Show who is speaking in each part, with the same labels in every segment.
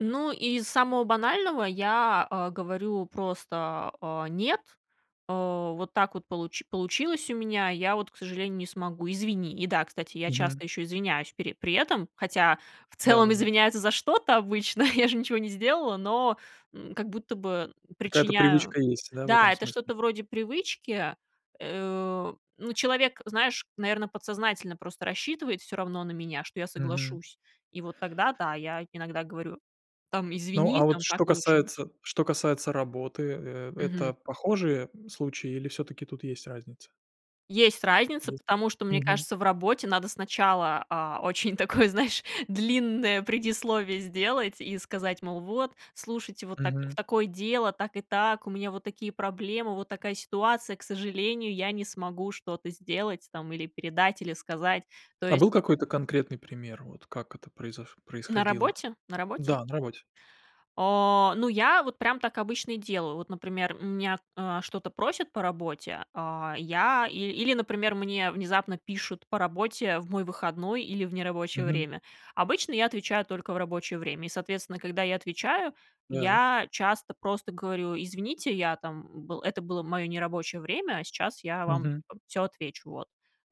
Speaker 1: Ну, из самого банального я, э, говорю просто: "Э, нет, э, вот так вот получ получилось у меня, я вот, к сожалению, не смогу, извини". И да, кстати, я
Speaker 2: Мгм.
Speaker 1: часто ещё извиняюсь пере при этом, хотя в целом
Speaker 2: Да-да-да.
Speaker 1: извиняются за что-то обычно, я же ничего не сделала, но, м, как будто бы
Speaker 2: Какая-то
Speaker 1: причиняю
Speaker 2: привычка есть, да, в этом
Speaker 1: Да, это
Speaker 2: смысле?
Speaker 1: что-то вроде привычки. Э, ну, человек, знаешь, наверно, подсознательно просто рассчитывает всё равно на меня, что я
Speaker 2: Мгм.
Speaker 1: соглашусь. И вот тогда, да, я иногда говорю: "Там,
Speaker 2: Ну,
Speaker 1: извини,
Speaker 2: а вот
Speaker 1: там так
Speaker 2: что
Speaker 1: получилось".
Speaker 2: касается что касается работы, э,
Speaker 1: Мгм.
Speaker 2: это похожие случаи или всё-таки тут есть разница?
Speaker 1: Есть разница,
Speaker 2: Есть?
Speaker 1: потому что, мне
Speaker 2: Мгм.
Speaker 1: кажется, в работе надо сначала, а, очень такое, знаешь, длинное предисловие сделать и сказать, мол: "Вот, слушайте, вот так в
Speaker 2: Мгм.
Speaker 1: такое дело, так и так, у меня вот такие проблемы, вот такая ситуация, к сожалению, я не смогу что-то сделать, там, или передать, или сказать". То
Speaker 2: А
Speaker 1: есть
Speaker 2: был какой-то конкретный пример, вот как это произош
Speaker 1: На
Speaker 2: происходило?
Speaker 1: работе? На работе?
Speaker 2: Да, на работе.
Speaker 1: Э, ну, я вот прям так обычно и делаю. Вот, например, у меня, э, что-то просят по работе, а я ил или, например, мне внезапно пишут по работе в мой выходной или в нерабочее
Speaker 2: Мгм.
Speaker 1: время. Обычно я отвечаю только в рабочее время и, соответственно, когда я отвечаю,
Speaker 2: Так.
Speaker 1: я часто просто говорю: "Извините, я там был это было моё нерабочее время, а сейчас я вам
Speaker 2: Мгм.
Speaker 1: там всё отвечу". Вот.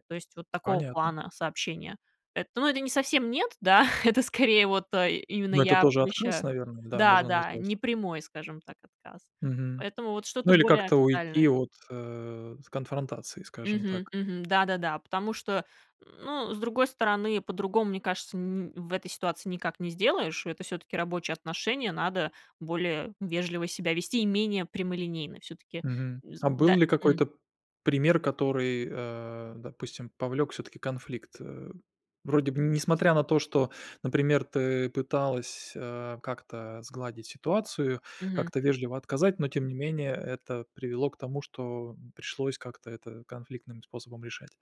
Speaker 1: То есть вот такого
Speaker 2: Понятно.
Speaker 1: плана сообщение. Эт ну, это не совсем нет, да, это скорее вот, э, именно
Speaker 2: Ну, это
Speaker 1: я
Speaker 2: тоже открылось,
Speaker 1: помещаю
Speaker 2: наверно. Да,
Speaker 1: Да,
Speaker 2: можно
Speaker 1: да,
Speaker 2: назвать.
Speaker 1: не прямой, скажем так, отказ.
Speaker 2: Мгм.
Speaker 1: Поэтому вот
Speaker 2: Ну,
Speaker 1: что-то
Speaker 2: или
Speaker 1: более
Speaker 2: как-то уйти
Speaker 1: официальное.
Speaker 2: от, э, с конфронтации, скажем
Speaker 1: Мгм,
Speaker 2: так.
Speaker 1: мгм, да-да-да, потому что, ну, с другой стороны, по-другому, мне кажется, ни в этой ситуации никак не сделаешь. Это всё-таки рабочие отношения, надо более вежливо себя вести и менее прямолинейно. Всё-таки
Speaker 2: Мгм.
Speaker 1: вз
Speaker 2: А
Speaker 1: да,
Speaker 2: был ли
Speaker 1: м.
Speaker 2: какой-то пример, который, э, допустим, повлёк всё-таки конфликт, э? Вроде бы несмотря на то, что, например, ты пыталась, а, как-то сгладить ситуацию,
Speaker 1: Мгм.
Speaker 2: как-то вежливо отказать, но тем не менее это привело к тому, что пришлось как-то это конфликтным способом решать.